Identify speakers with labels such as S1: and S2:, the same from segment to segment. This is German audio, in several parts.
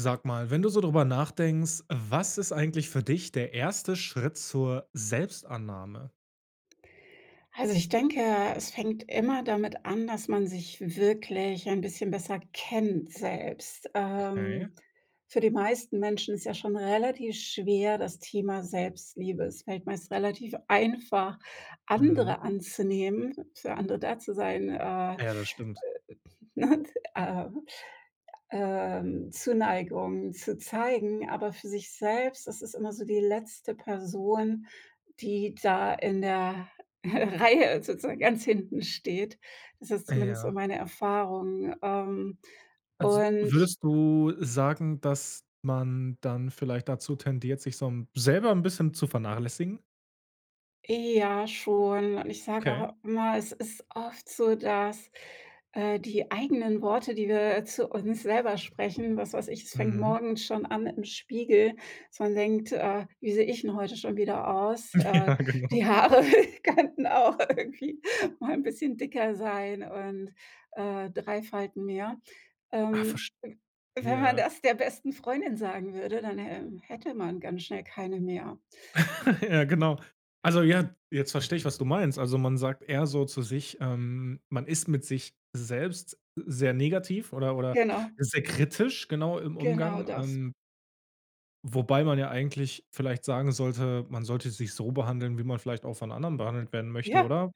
S1: Sag mal, wenn du so drüber nachdenkst, was ist eigentlich für dich der 1. Schritt zur Selbstannahme?
S2: Also, ich denke, es fängt immer damit an, dass man sich wirklich ein bisschen besser kennt selbst.
S1: Okay.
S2: Ähm, für die meisten Menschen ist ja schon relativ schwer, das Thema Selbstliebe. Es fällt meist relativ einfach
S1: Mhm.
S2: andere anzunehmen, für andere da zu sein, äh,
S1: Ja, das stimmt.
S2: ne, äh, ähm, Zuneigung zu zeigen, aber für sich selbst das ist immer so die letzte Person, die da in der Reihe sozusagen ganz hinten steht. Das ist
S1: Äh
S2: zumindest so
S1: ja.
S2: meine Erfahrung, ähm,
S1: Also,
S2: und
S1: würdest du sagen, dass man dann vielleicht dazu tendiert, sich so 'n selber 'n bisschen zu vernachlässigen?
S2: Ja, schon. Und ich sage
S1: Okay.
S2: auch immer, es ist oft so, dass, äh, die eigenen Worte, die wir, äh, zu uns selber sprechen, was weiß ich, es fängt
S1: Mhm.
S2: morgens schon an im Spiegel, dass man denkt: „Äh, wie sehe ich denn heute schon wieder aus?“
S1: Ja,
S2: Äh,
S1: genau.
S2: die Haare könnten auch irgendwie mal 'n bisschen dicker sein und, äh, 3 Falten mehr.
S1: Ah,
S2: Ähm, wenn man
S1: verstehe.
S2: das der besten Freundin sagen würde, dann, ähm, hätte man ganz schnell keine mehr.
S1: Ja genau. Also, ja, jetzt verstehe ich, was du meinst. Also man sagt eher so zu sich ähm, man ist mit sich selbst sehr negativ oder oder
S2: Genau.
S1: sehr kritisch genau im
S2: Genau
S1: Umgang,
S2: das.
S1: ähm wobei man ja eigentlich vielleicht sagen sollte, man sollte sich so behandeln, wie man vielleicht auch von anderen behandelt werden möchte,
S2: Ja,
S1: oder?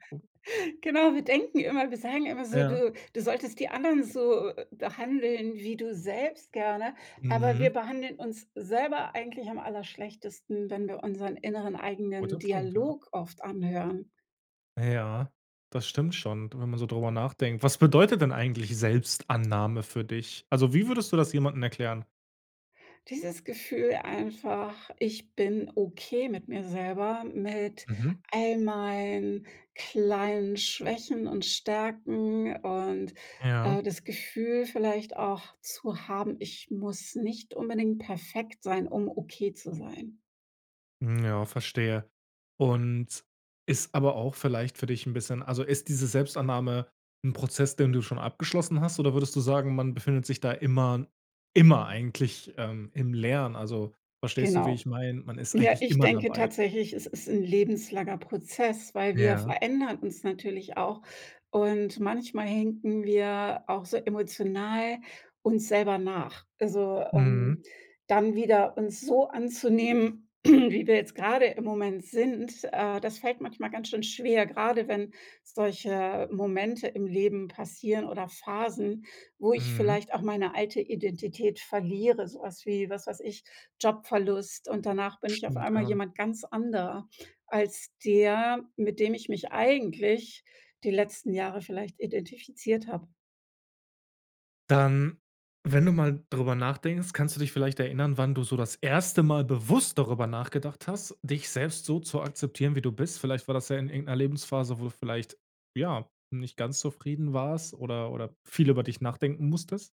S2: genau, wir denken immer, wir sagen immer so:
S1: Ja.
S2: „Du du solltest die anderen so, äh, behandeln wie du selbst gerne“ aber wir
S1: Mhm.
S2: behandeln uns selber eigentlich am allerschlechtesten, wenn wir unseren inneren
S1: Guter
S2: eigenen
S1: Punkt, ja.
S2: Dialog oft anhören.
S1: Ja, das stimmt schon, wenn man so drüber nachdenkt. Was bedeutet denn eigentlich Selbstannahme für dich? Also, wie würdest du das jemanden erklären?
S2: Dieses Gefühl einfach: „Ich bin okay mit mir selber, mit
S1: Mhm.
S2: all meinen kleinen Schwächen und Stärken“ und, äh,
S1: Ja.
S2: das Gefühl vielleicht auch zu haben: „Ich muss nicht unbedingt perfekt sein, um okay zu sein.“
S1: Mhm, ja, verstehe. Und, ist aber auch vielleicht für dich 'n bisschen also ist diese Selbstannahme 'n Prozess, den du schon abgeschlossen hast oder würdest du sagen, man befindet sich da immer immer eigentlich, ähm, im Lernen? Also verstehst du, wie
S2: Genau.
S1: ich meine? Man ist
S2: Ja,
S1: eigentlich
S2: ich
S1: immer
S2: denke
S1: dabei.
S2: tatsächlich, es ist 'n lebenslanger Prozess, weil wir
S1: Ja.
S2: verändern uns natürlich auch. Und, manchmal hinken wir auch so emotional uns selber nach. Also, ähm,
S1: Mhm.
S2: dann wieder uns so anzunehmen, wie wir jetzt grade im Moment sind, äh, das fällt manchmal ganz schön schwer, grade wenn solche Momente im Leben passieren oder Phasen, wo ich
S1: Mhm.
S2: vielleicht auch meine alte Identität verliere, so was, wie, was weiß ich, Jobverlust und danach bin ich auf
S1: Stimmt,
S2: einmal
S1: ja.
S2: jemand ganz anderer als der, mit dem ich mich eigentlich die letzten Jahre vielleicht identifiziert habe.
S1: Dann, wenn du mal drüber nachdenkst, kannst du dich vielleicht erinnern, wann du so das 1. Mal bewusst darüber nachgedacht hast, dich selbst so zu akzeptieren, wie du bist? Vielleicht war das ja in irgend 'ner Lebensphase, wo du vielleicht, ja, nicht ganz zufrieden warst oder oder viel über dich nachdenken musstest?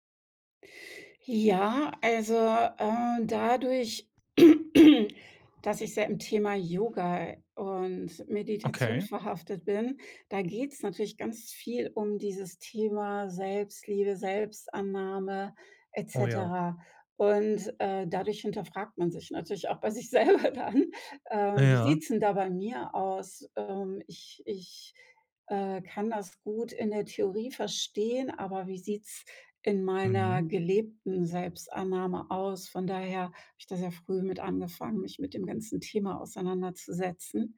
S2: Ja, also, äh, dadurch, dass ich sehr im Thema Yoga und Meditation
S1: Okay.
S2: verhaftet bin, da geht's natürlich ganz viel um dieses Thema Selbstliebe, Selbstannahme et
S1: Oh ja.
S2: cetera, und, äh, dadurch hinterfragt man sich natürlich auch bei sich selber dann: „Ähm, wie
S1: Ja.
S2: sieht's denn da bei mir aus? Ähm, ich ich, äh, kann das gut in der Theorie verstehen, aber wie sieht's in meiner
S1: Mhm.
S2: gelebten Selbstannahme aus?“ Von daher habe ich da sehr früh mit angefangen, mich mit dem ganzen Thema auseinanderzusetzen.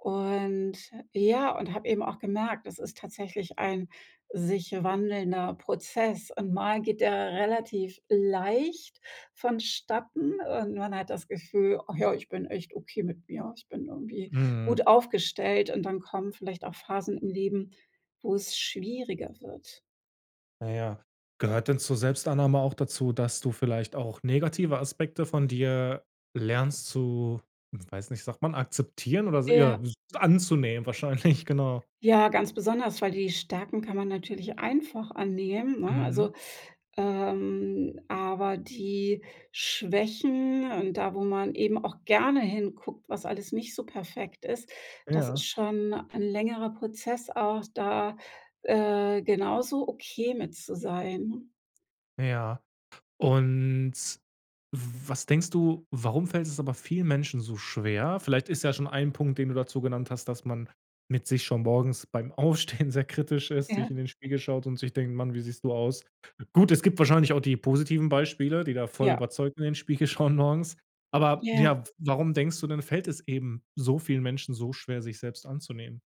S2: Und ja, und habe eben auch gemerkt, das ist tatsächlich ein sich wandelnder Prozess, und mal geht der relativ leicht vonstatten und man hat das Gefühl: „Ach ja, ich bin echt okay mit mir, ich bin irgendwie
S1: Mhm.
S2: gut aufgestellt.“ Und dann kommen vielleicht auch Phasen im Leben, wo es schwieriger wird.
S1: Na ja. Gehört denn zur Selbstannahme auch dazu, dass du vielleicht auch negative Aspekte von dir lernst zu, weiß nicht, sagt man akzeptieren oder so, ja,
S2: Ja.
S1: w anzunehmen wahrscheinlich? Genau.
S2: Ja, ganz besonders, weil die Stärken kann man natürlich einfach annehmen, ne?
S1: Mhm.
S2: Also, ähm, aber die Schwächen und da, wo man eben auch gerne hinguckt, was alles nicht so perfekt ist, das ist
S1: Ja.
S2: schon 'n längerer Prozess auch, da, äh, genauso okay mit zu sein.
S1: Ja. Und, w was denkst du, warum fällt es aber vielen Menschen so schwer? Vielleicht ist ja schon ein Punkt, den du dazu genannt hast, dass man mit sich schon morgens beim Aufstehen sehr kritisch ist, sich
S2: Ja.
S1: in den Spiegel schaut und sich denkt: „Mann, wie siehst du aus?“ Gut, es gibt wahrscheinlich auch die positiven Beispiele, die da voll
S2: Ja.
S1: überzeugt in den Spiegel schauen morgens, aber
S2: Ja.
S1: ja, warum denkst du denn, fällt es eben so vielen Menschen so schwer, sich selbst anzunehmen?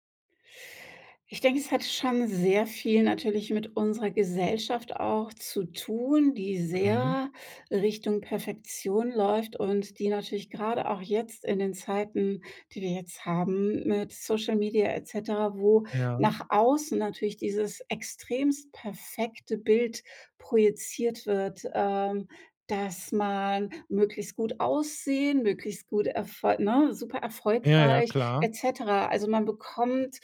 S2: Ich denke, es hat schon sehr viel natürlich mit unserer Gesellschaft auch zu tun, die
S1: Mhm.
S2: sehr Richtung Perfektion läuft und die natürlich grade auch jetzt in den Zeiten, die wir jetzt haben, mit Social Media et cetera, wo
S1: Ja.
S2: nach außen natürlich dieses extremst perfekte Bild projiziert wird, ähm, dass man möglichst gut aussehen, möglichst gut erfo ne, super
S1: Ja, ja,
S2: erfolgreich
S1: klar.
S2: et cetera. Also, man bekommt,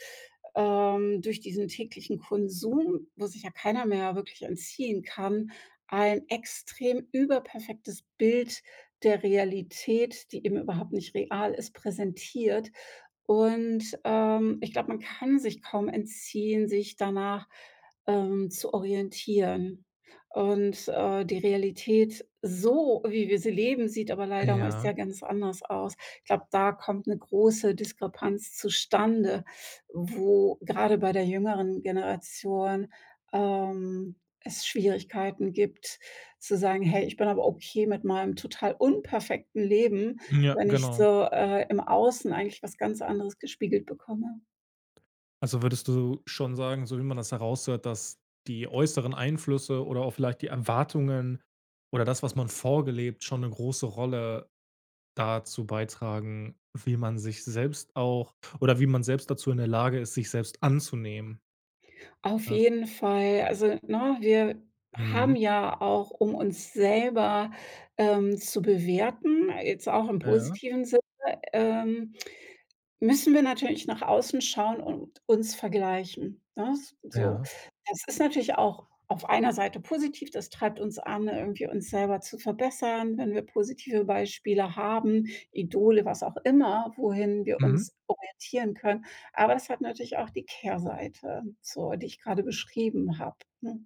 S2: ähm, durch diesen täglichen Konsum, wo sich ja keiner mehr wirklich entziehen kann, ein extrem überperfektes Bild der Realität, die eben überhaupt nicht real ist, präsentiert. Und, ähm, ich glaube, man kann sich kaum entziehen, sich danach, ähm, zu orientieren. Und, äh, die Realität, so wie wir sie leben, sieht aber leider meist ja
S1: Ja.
S2: ganz anders aus. Ich glaube, da kommt 'ne große Diskrepanz zustande, wo gerade bei der jüngeren Generation, ähm, es Schwierigkeiten gibt zu sagen: „Hey, ich bin aber okay mit meinem total unperfekten Leben,
S1: Ja,
S2: wenn ich
S1: genau.
S2: so, äh, im Außen eigentlich was ganz anderes gespiegelt bekomme.“
S1: Also, würdest du schon sagen, so wie man das heraushört, dass die äußeren Einflüsse oder auch vielleicht die Erwartungen oder das, was man vorgelebt schon 'ne große Rolle dazu beitragen, wie man sich selbst auch oder wie man selbst dazu in der Lage ist, sich selbst anzunehmen.
S2: Auf jeden Fall, also, ne, wir haben
S1: Mhm.
S2: ja auch, um uns selber, ähm, zu bewerten, jetzt auch im
S1: Ja.
S2: positiven Sinne, ähm müssen wir natürlich nach außen schauen und uns vergleichen, ne? S so.
S1: Ja.
S2: Es ist natürlich auch auf einer Seite positiv, das treibt uns an, irgendwie uns selber zu verbessern, wenn wir positive Beispiele haben, Idole, was auch immer, wohin wir
S1: Mhm.
S2: uns orientieren können. Aber es hat natürlich auch die Kehrseite, so, die ich grade beschrieben habe, ne?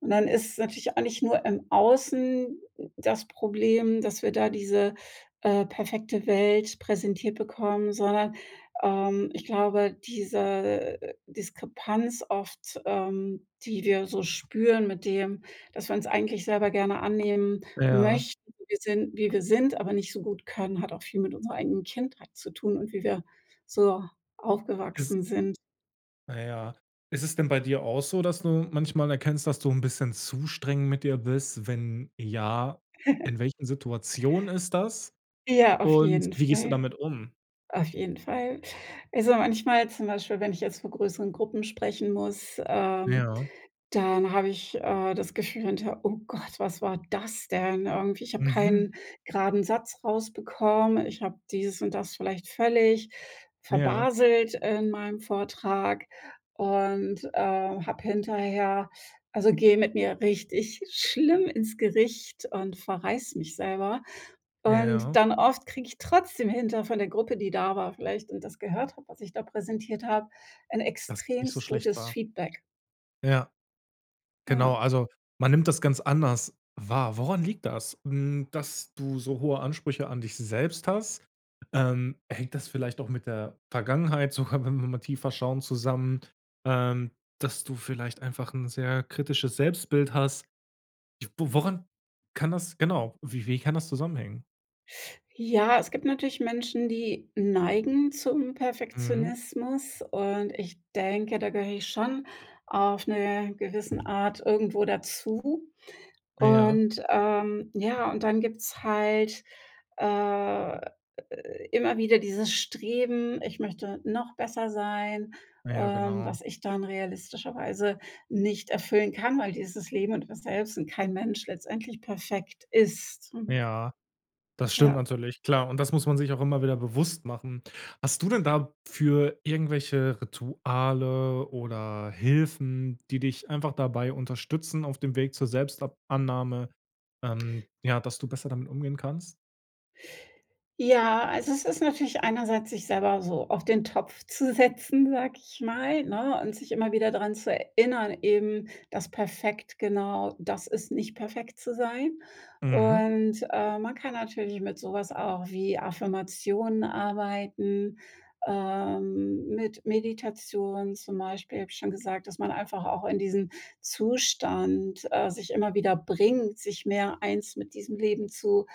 S2: Und dann ist natürlich auch nicht nur im Außen d das Problem, dass wir da diese, äh, perfekte Welt präsentiert bekommen, sondern, ähm, ich glaube, diese Diskrepanz oft, ähm, die wir so spüren mit dem, dass wir uns eigentlich selber gerne annehmen
S1: Ja.
S2: möchten wir sind wie wir sind, aber nicht so gut können, hat auch viel mit unserer eigenen Kindheit zu tun und wie wir so
S1: Ist
S2: aufgewachsen sind.
S1: Na ja. Ist es denn bei dir auch so, dass du manchmal erkennst, dass du 'n bisschen zu streng mit dir bist? Wenn ja, In welchen Situationen ist das?
S2: Ja, auf
S1: Und
S2: jeden
S1: wie gehst du
S2: Fall.
S1: damit um?
S2: Auf jeden Fall. Also, manchmal zum Beispiel, wenn ich jetzt vor größeren Gruppen sprechen muss, ähm,
S1: Ja.
S2: dann habe ich, äh, das Gefühl hinterher: „Oh Gott, was war das denn?“ Irgendwie ich hab
S1: Mhm.
S2: keinen graden Satz rausbekommen. Ich habe dieses und das vielleicht völlig
S1: Ja.
S2: verbaselt in meinem Vortrag, und, äh, habe hinterher also, gehe mit mir richtig schlimm ins Gericht und verreiß mich selber. Und,
S1: Ja.
S2: dann oft kriege ich trotzdem hinter von der Gruppe, die da war vielleicht und das gehört habe, was ich da präsentiert habe, ein
S1: Dass es nicht so
S2: extrem
S1: schlecht
S2: gutes
S1: war?
S2: Feedback.
S1: Ja. Genau.
S2: Ja.
S1: Also, man nimmt das ganz anders wahr. Woran liegt das? Hm, dass du so hohe Ansprüche an dich selbst hast? Ähm, hängt das vielleicht doch mit der Vergangenheit sogar, wenn wir mal tiefer schauen, zusammen, ähm, dass du vielleicht einfach 'n sehr kritisches Selbstbild hast. Wo woran kann das genau, wie wie kann das zusammenhängen?
S2: Ja, es gibt natürlich Menschen, die neigen zum
S1: Mhm.
S2: Perfektionismus, und ich denke, da gehöre ich schon auf 'ne gewissen Art irgendwo dazu.
S1: Ja.
S2: Und, ähm ja, und dann gibt's halt, äh, immer wieder dieses Streben: „Ich möchte noch besser sein.“
S1: Ja,
S2: Ähm,
S1: genau.
S2: was ich dann realistischerweise nicht erfüllen kann, weil dieses Leben und man selbst und kein Mensch letztendlich perfekt ist, mhm.
S1: Ja, das stimmt
S2: Ja.
S1: natürlich. Klar, und das muss man sich auch immer wieder bewusst machen. Hast du denn dafür irgendwelche Rituale oder Hilfen, die dich einfach dabei unterstützen, auf dem Weg zur Selbstab Annahme, ähm, ja, dass du besser damit umgehen kannst?
S2: Ja, also es ist natürlich einerseits, sich selber so auf den Topf zu setzen, sage ich mal, ne, und sich immer wieder daran zu erinnern eben, dass perfekt genau das ist: Nicht perfekt zu sein.
S1: Mhm.
S2: Und, äh, man kann natürlich mit sowas auch wie Affirmationen arbeiten, ähm, mit Meditation, zum Beispiel, habe ich schon gesagt, dass man einfach auch in diesen Zustand, äh, sich immer wieder bringt, sich mehr eins mit diesem Leben zu,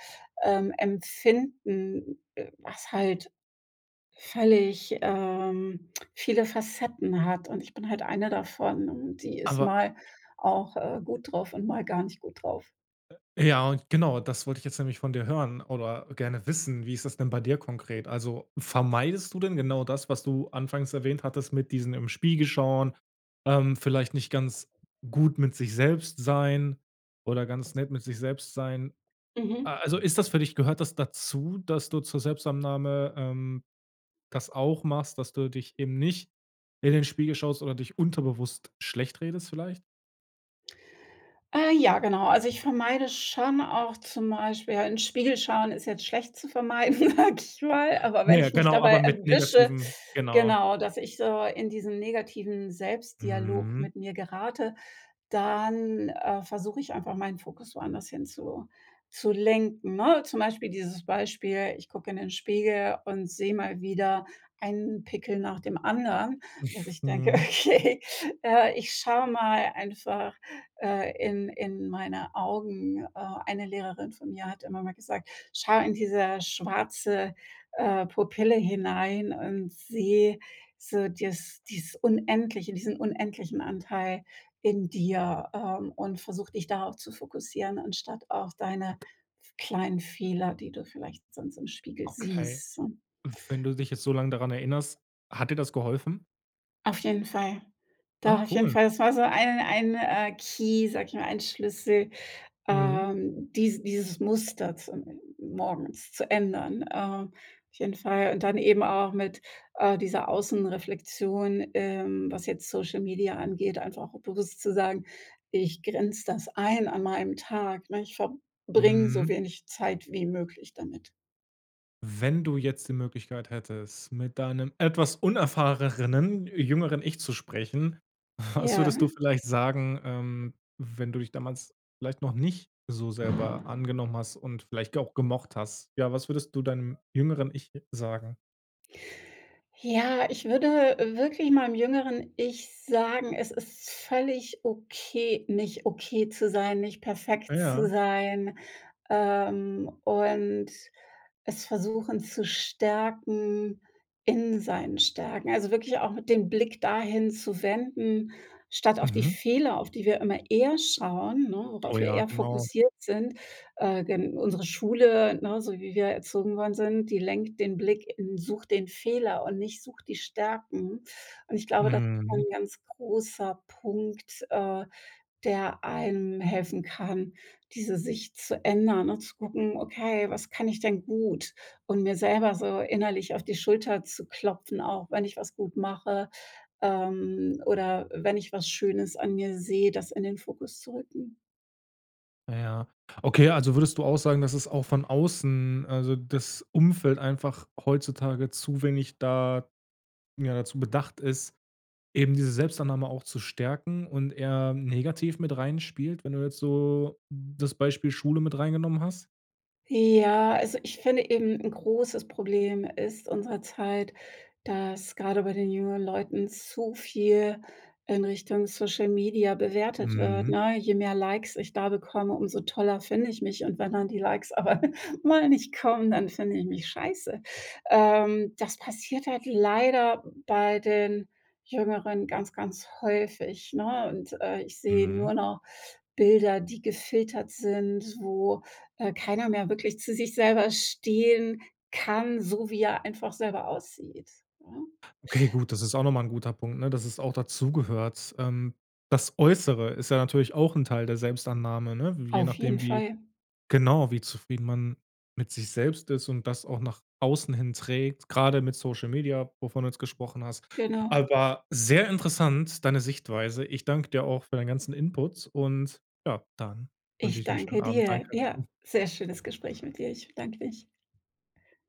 S2: ähm, empfinden, was halt völlig, ähm, viele Facetten hat. Und ich bin halt eine davon, und die ist
S1: Aber
S2: mal auch, äh, gut drauf und mal gar nicht gut drauf.
S1: Ja, genau, das wollt ich jetzt nämlich von dir hören oder gerne wissen. Wie ist das denn bei dir konkret? Also, vermeidest du denn genau das, was du anfangs erwähnt hattest mit diesen im Spiegel schauen, ähm, vielleicht nicht ganz gut mit sich selbst sein oder ganz nett mit sich selbst sein. Äh,
S2: Mhm.
S1: also ist das für dich gehört das dazu, dass du zur Selbstannahme, ähm, das auch machst, dass du dich eben nicht in den Spiegel schaust oder dich unterbewusst schlecht redest vielleicht?
S2: Äh, ja, genau. Also ich vermeide schon auch zum Beispiel in Spiegel schauen ist jetzt schlecht zu vermeiden, sage ich mal, aber
S1: Ja,
S2: wenn
S1: ja,
S2: ich mich
S1: genau,
S2: dabei
S1: aber mit
S2: erwische,
S1: negativen genau.
S2: genau, dass ich so in diesen negativen Selbstdialog
S1: Mhm.
S2: mit mir gerate, dann, äh, versuche ich einfach meinen Fokus woanders hinzu zu zu lenken, ne? Zum Beispiel dieses Beispiel, ich gucke in den Spiegel und sehe mal wieder einen Pickel nach dem anderen, dass ich denke:
S1: Mhm.
S2: „Okay, äh, ich schau mal einfach, äh, in in meine Augen.“ Äh, eine Lehrerin von mir hat immer mal gesagt: „Schau in dieser schwarze, äh, Pupille hinein, und seh so dieses dieses unendliche, diesen unendlichen Anteil in dir, ähm, und versuch dich darauf zu fokussieren anstatt auf deine kleinen Fehler, die du vielleicht sonst im Spiegel
S1: Okay,
S2: siehst“, so.
S1: und wenn du dich jetzt so lang daran erinnerst: Hat dir das geholfen?
S2: Auf jeden Fall.
S1: Ah,
S2: Doch, auf jeden
S1: cool.
S2: Fall, das war so einen ein, äh, Key- sag ich mal- ein Schlüssel,
S1: Mhm.
S2: ähm, dies dieses Muster zu morgens zu ändern. Ähm, auf jeden Fall und dann eben auch mit, äh, dieser Außenreflexion, ähm, was jetzt Social-Media angeht, einfach bewusst zu sagen: „Ich grenze das ein an meinem Tag, ne? Ich verbringe so
S1: Mhm.
S2: wenig Zeit wie möglich damit.“
S1: Wenn du jetzt die Möglichkeit hättest, mit deinem etwas unerfahreneren jüngeren Ich zu sprechen, was
S2: Ja.
S1: würdest du vielleicht sagen, ähm, wenn du dich damals vielleicht noch nicht so selber angenommen hast und vielleicht auch gemocht hast? Ja, was würdest du deinem jüngeren Ich j sagen?
S2: Ja, ich würde wirklich meinem jüngeren Ich sagen: „Es ist völlig okay, nicht okay zu sein, nicht
S1: Ah
S2: perfekt zu
S1: ja.
S2: sein“, ähm, und es versuchen zu stärken in seinen Stärken. Also wirklich auch mit dem Blick dahin zu wenden statt auf die
S1: Mhm.
S2: Fehler, auf die wir immer eher schauen, ne,
S1: Oh
S2: worauf wir
S1: ja,
S2: eher
S1: genau.
S2: fokussiert sind, äh, gen unsere Schule, ne, so wie wir erzogen worden sind, die lenkt den Blick in sucht den Fehler und nicht sucht die Stärken. Und ich glaube, das ist so
S1: Mhm.
S2: 'n ganz großer Punkt, äh, der einem helfen kann, diese Sicht zu ändern und zu gucken: „Okay, was kann ich denn gut?“ und mir selber so innerlich auf die Schulter zu klopfen auch, wenn ich was gut mache, ähm, oder wenn ich was Schönes an mir sehe, das in den Fokus zu rücken.
S1: Na ja. Okay, also würdest du auch sagen, dass es auch von außen, also das Umfeld einfach heutzutage zu wenig da ja, dazu bedacht ist, eben diese Selbstannahme auch zu stärken und eher negativ mit reinspielt, wenn du jetzt so das Beispiel Schule mit reingenommen hast?
S2: Ja, also ich finde eben 'n großes Problem ist unserer Zeit, dass grade bei den jüngeren Leuten zu viel in Richtung Social Media bewertet wird,
S1: Mhm.
S2: ne? Je mehr Likes ich da bekomme, umso toller finde ich mich und wenn dann die Likes aber mal nicht kommen, dann finde ich mich scheiße. Ähm, das passiert halt leider bei den Jüngeren ganz, ganz häufig, ne? Und, äh, ich sehe
S1: Mhm.
S2: nur noch Bilder, die gefiltert sind, wo, äh, keiner mehr wirklich zu sich selber stehen kann, so wie er einfach selber aussieht, ne?
S1: Okay gut, das ist auch noch mal 'n guter Punkt, ne? Dass es auch dazugehört. Ähm, das Äußere ist ja natürlich auch 'n Teil der Selbstannahme, ne? Je
S2: Auf jeden
S1: nachdem, wie
S2: Fall.
S1: genau, wie zufrieden man mit sich selbst ist und das auch nach außen hin trägt, grade mit Social Media, wovon du jetzt gesprochen hast.
S2: Genau.
S1: Aber sehr interessant deine Sichtweise. Ich dank dir auch für deinen ganzen Input und, ja, dann wünsche
S2: Ich
S1: ich dir 'n schönen
S2: danke
S1: Abend.
S2: dir. Ja,
S1: Danke.
S2: sehr schönes Gespräch mit dir. Ich bedanke mich.